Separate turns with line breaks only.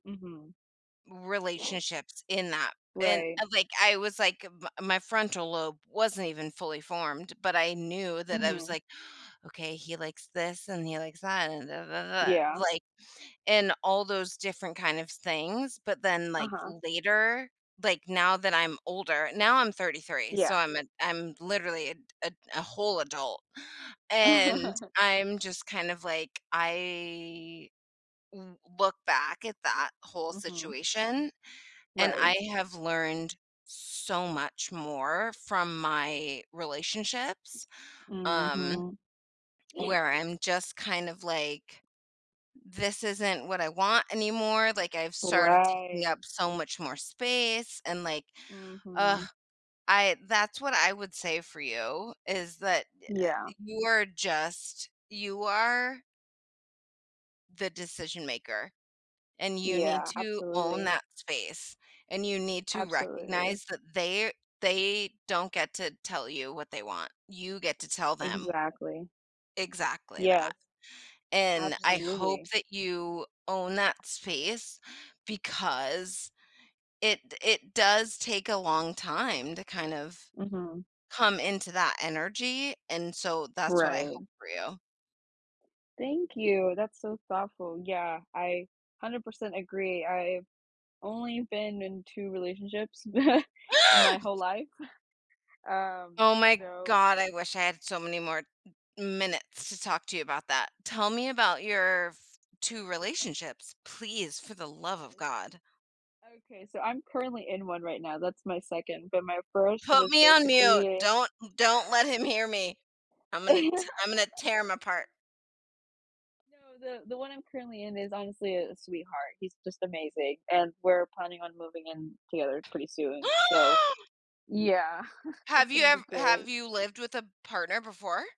Mhm.
Relationships, in that, and,
Right.
eh, like, I was, like m my frontal lobe wasn't even fully formed, but I knew that I was
Mhm.
like, "Okay, he likes this, and he likes that, and da da da da da,"
Yeah.
like and all those different kind of s things, but then, like,
Uh-huh.
later like, now that I'm older now, I'm 33, so
Yeah.
I'm a I'm literally a d a a whole adult, and I'm just kind of, like, I w look back at that whole
Mhm.
situation, and
Right.
I have learned so much more from my relationships, um,
Mhm.
where I'm just kind of, like this isn't what I want anymore, like, I've started taking up
Right.
so much more space, and like, ugh,
Mhm.
I that's what I would say for you, is that, uh uh,
Yeah.
you are just you are the decision maker, and you need
Yeah,
to own
absolutely.
that space, and you need to
Absolutely.
recognize that they they don't get to tell you what they want. You get to tell them.
Exactly.
Exactly that.
Yes.
And I hope
Absolutely.
that you own that space, because it d it does take a long time to kind of
Mhm.
come into that energy, and so that's what I
Right.
hope for you.
Thank you, that's so thoughtful. Yeah, I 100% agree, I've only been in 2 relationships in my whole life. S Um,
Oh my
so
God, I wish I had so many more minutes to talk to you about that. Tell me about your f 2 relationships, please, for the love of
Yes.
God.
Okay, so I'm currently in one right now, that's my 2nd, but my 1st
Put
was
me on mute.
basically
Don't don't let him hear me. I'm gonna t I'm gonna tear him apart.
No, the the one I'm currently in is honestly a a sweetheart. He's just amazing, and we're planning on moving in together pretty soon, so, yeah,
Have
it's
you
gonna
ev
be
have
great.
you lived with a partner before?